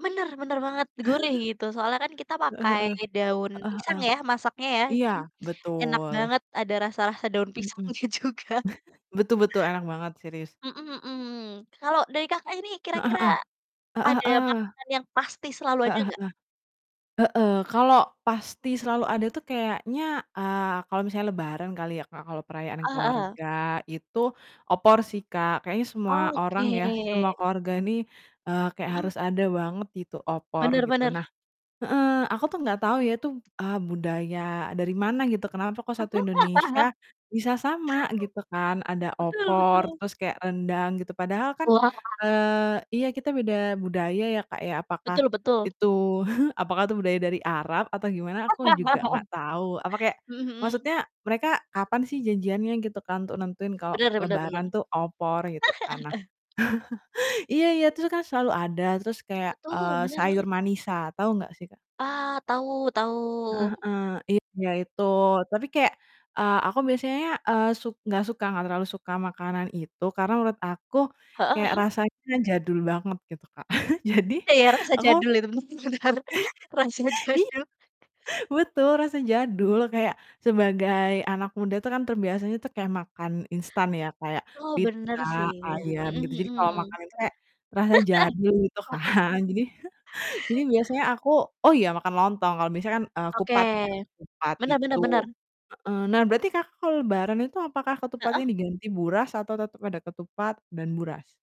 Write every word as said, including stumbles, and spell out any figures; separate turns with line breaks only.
Bener, bener banget, gurih gitu, soalnya kan kita
Heeh
pakai
heeh.
daun
Heeh
pisang
heeh.
ya, masaknya ya.
Iya,
Jadi, enak
betul.
banget ada rasa-rasa daun
Mhm mhm,
pisangnya juga.
betul betul, enak banget, serius.
Mhm mhm, kalau dari Kakak ini
Heeh
kira-kira
heeh. Heeh
ada
heeh.
makanan yang pasti selalu ada
Heeh
nggak?
heeh. Heeh, kalau pasti selalu ada tuh kayaknya, eee, kalau misalnya lebaran kali ya, Kak, kalau perayaan
Eee, heeh.
keluarga, itu, opor
M
sih, Kak, kayaknya semua
Oh,
orang ya, semua
oke.
keluarga ini, eee, kayak
Mhm.
harus ada banget gitu, opor,
Bener
gitu.
bener.
Nah heeh, aku tuh nggak tau ya, tuh, eee, budaya dari mana gitu, kenapa kok satu Indonesia, bisa sama, gitu kan, ada
Betul
opor,
betul.
terus kayak rendang gitu, padahal kan,
Wah.
eee, iya, kita beda budaya ya, Kak, ya, apakah
Betul betul.
itu apakah itu budaya dari Arab atau gimana, aku juga nggak tahu, apa kayak
Mhm mhm.
maksudnya mereka kapan sih janjiannya, gitu kan, untuk nentuin kalau
Bener bener bener.
lebaran tuh opor, gitu kan. Nah iya iya, terus kan selalu ada terus kayak,
Betul,
eee,
bener
sayur
banget.
manisa, tau nggak sih, Kak?
Ah, tahu tahu,
Heeh
mhm.
heeh, iya, itu. Tapi kayak, eee, aku biasanya, eee, suk nggak suka, nggak terlalu suka makanan itu, karena menurut aku,
Heeh,
kayak
mhm.
rasanya jadul banget gitu, Kak. Jadi,
Iya, rasa
aku
jadul, itu, hmm, bener, rasa
Iya,
jadul.
betul rasa jadul, kayak sebagai anak muda tuh kan terbiasanya tuh, kayak makan instan ya, kayak
Oh, benar
pizza,
sih,
ayam, gitu.
mhm
Jadi, kalau
mhm.
makan itu kayak, rasa jadul, gitu kan. Jadi jadi biasanya aku oh iya, makan lontong kalau biasanya kan, eee,
Oke,
kupat ya, kupat
benar
itu
benar benar.
heeh. Nah, berarti Kakak kalau lebaran itu apakah
Heeh.
ketupatnya diganti buras atau tetep ada ketupat dan buras?